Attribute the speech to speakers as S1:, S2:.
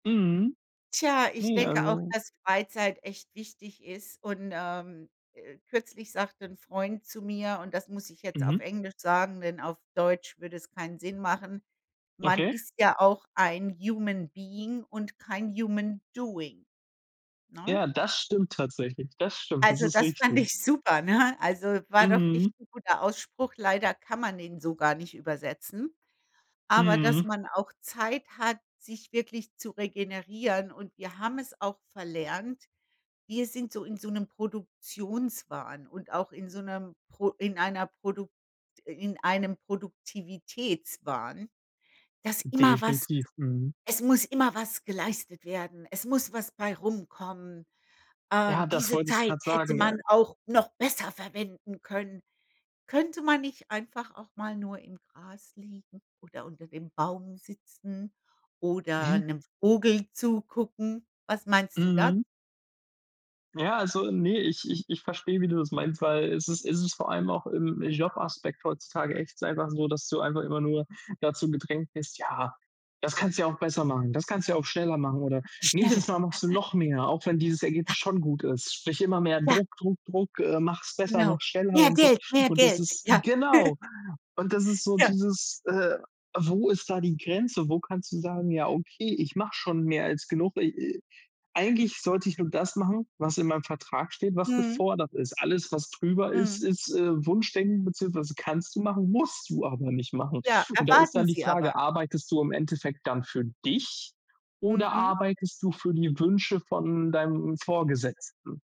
S1: Mhm.
S2: Tja, ich
S1: Ne,
S2: denke auch,
S1: also
S2: dass Freizeit echt wichtig ist und, ähm, äh kürzlich sagte 'n Freund zu mir und das muss ich jetzt auf
S1: Mhm.
S2: Englisch sagen, denn auf Deutsch würde es keinen Sinn machen: „Man
S1: Okay.
S2: ist ja auch ein human being und kein human doing“, ne?
S1: Ja, das stimmt tatsächlich. Das stimmt, das
S2: Also,
S1: ist
S2: das fand
S1: richtig.
S2: ich super, ne? Also, war wirklich
S1: Mhm.
S2: 'n guter Ausspruch. Leider kann man den so gar nicht übersetzen. Aber, dass
S1: Mhm.
S2: man auch Zeit hat, sich wirklich zu regenerieren und wir haben es auch verlernt wir sind so in so 'nem Produktionswahn und auch in so 'nem pro in einer Produkt in einem Produktivitätswahn, dass immer was
S1: Definitiv, mhm.
S2: es muss immer was geleistet werden, es muss was bei rumkommen,
S1: Ja,
S2: ähm,
S1: das
S2: diese
S1: wollte ich
S2: Zeit
S1: grad
S2: hätte
S1: sagen, ja.
S2: man auch noch besser verwenden können. Könnte man nicht einfach auch mal nur im Gras liegen oder unter dem Baum sitzen oder
S1: Ja.
S2: 'nem Vogel zugucken? Was meinst du da?
S1: Mhm. Ja, also ne, ich ich ich verstehe, wie du das meinst, weil es ist es ist vor allem auch, äh, im Jobaspekt heutzutage echt einfach so, dass du einfach immer nur dazu gedrängt bist: „Ja, das kannst du ja auch besser machen, das kannst du ja auch schneller machen“, oder „nächstes
S2: Schneller,
S1: Mal machst du noch mehr, auch wenn dieses
S2: Ja.
S1: Ergebnis schon gut ist.“ Sprich immer mehr
S2: Ja.
S1: Druck, Druck, Druck äh, mach's besser, mach
S2: Genau.
S1: schneller
S2: Mehr
S1: und so
S2: Geld, mehr
S1: und das
S2: Geld.
S1: ist
S2: Ja.
S1: genau, und das ist so
S2: Ja.
S1: dieses, äh wo ist da die Grenze? Wo kannst du sagen: „Ja, okay, ich mache schon mehr als genug. I äh, eigentlich sollte ich nur das machen, was in meinem Vertrag steht, was
S2: Mhm.
S1: gefordert ist.“ Alles, was drüber ist,
S2: Mhm.
S1: ist, äh, Wunschdenken beziehungsweise kannst du machen, musst du aber nicht machen
S2: Ja,
S1: und da ist
S2: erwarten
S1: dann die
S2: sie aber.
S1: Frage: Arbeitest du im Endeffekt dann für dich oder
S2: Mhm.
S1: arbeitest du für die Wünsche von deinem Vorgesetzten?